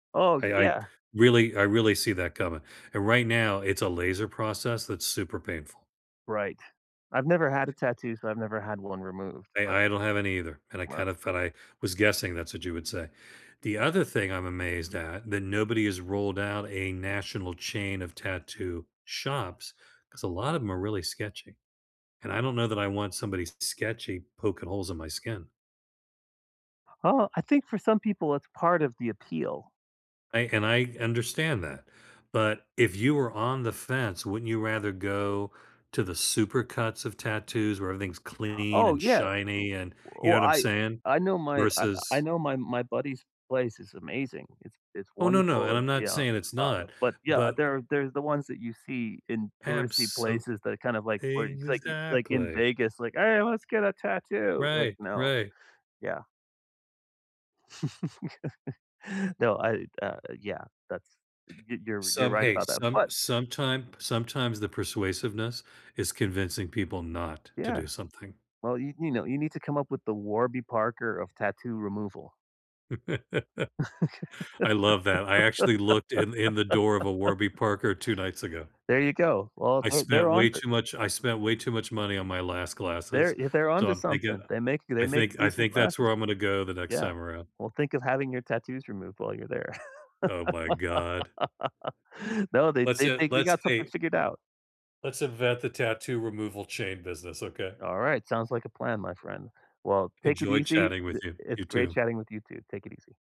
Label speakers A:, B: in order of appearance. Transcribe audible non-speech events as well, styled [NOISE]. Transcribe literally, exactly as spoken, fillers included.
A: Oh,
B: I I
A: yeah.
B: really I really see that coming. And right now it's a laser process that's super painful.
A: Right. I've never had a tattoo, so I've never had one removed
B: I
A: but
B: I don't have any either and I
A: Right.
B: kind of thought I was guessing that's what you would say. The other thing I'm amazed at that nobody has rolled out a national chain of tattoo shops, 'cause a lot of 'em are really sketchy, and I don't know that I want somebody sketchy poking holes in my skin.
A: H huh I think for some people it's part of the appeal.
B: I and I understand that. But if you were on the fence, wouldn't you rather go to the supercuts of tattoos where everything's clean
A: Oh,
B: and
A: yeah.
B: shiny and you know
A: Well,
B: what I'm
A: I
B: saying?
A: I know my I I
B: Versus
A: know my my buddy's place is amazing. It's it's
B: Oh, no, no. And
A: wonderful.
B: I'm
A: It's
B: not
A: yeah
B: saying it's
A: Uh,
B: not,
A: but, yeah, uh,
B: but
A: there are there's the ones that you see in touristy
B: Absol
A: places that are kind of like where it's like like in
B: Exactly.
A: Vegas, like, "Hey. Let's get a tattoo." Like,
B: Right.
A: "No."
B: Right.
A: Yeah. [LAUGHS] No. I uh, uh, yeah. That's y you're you're
B: Some,
A: right
B: hey
A: about that,
B: some
A: but
B: sometimep sometimes the persuasiveness is convincing people not to
A: Yeah.
B: do something.
A: Well, you you know, you need to come up with the Warby Parker of tattoo removal.
B: [LAUGHS] I love that. I actually looked in in the door of a Warby
A: [LAUGHS]
B: Parker two nights ago.
A: There you go. Well,
B: I
A: they're they're
B: spent
A: on
B: way
A: it.
B: too much I spent way to much money on my last
A: They're
B: glasses,
A: if they're
B: so
A: onto
B: I'm thinking
A: something, they make they
B: I
A: make
B: think I
A: decent
B: think that's
A: glasses.
B: where I'm gonna go the next
A: Yeah.
B: time around.
A: Well, think of having your tattoos removed while you're there.
B: Oh my god.
A: [LAUGHS] No. They
B: Lets
A: they
B: in
A: think they
B: let's,
A: got something
B: hey
A: figured out.
B: let's invent the tattoo removal chain business. Okay?
A: Alright. Sounds like a plan, my friend. Well, take it
B: Enjoy
A: easy.
B: chatting
A: D
B: with you.
A: it's
B: You
A: great
B: too.
A: chatting with you too. Take it easy.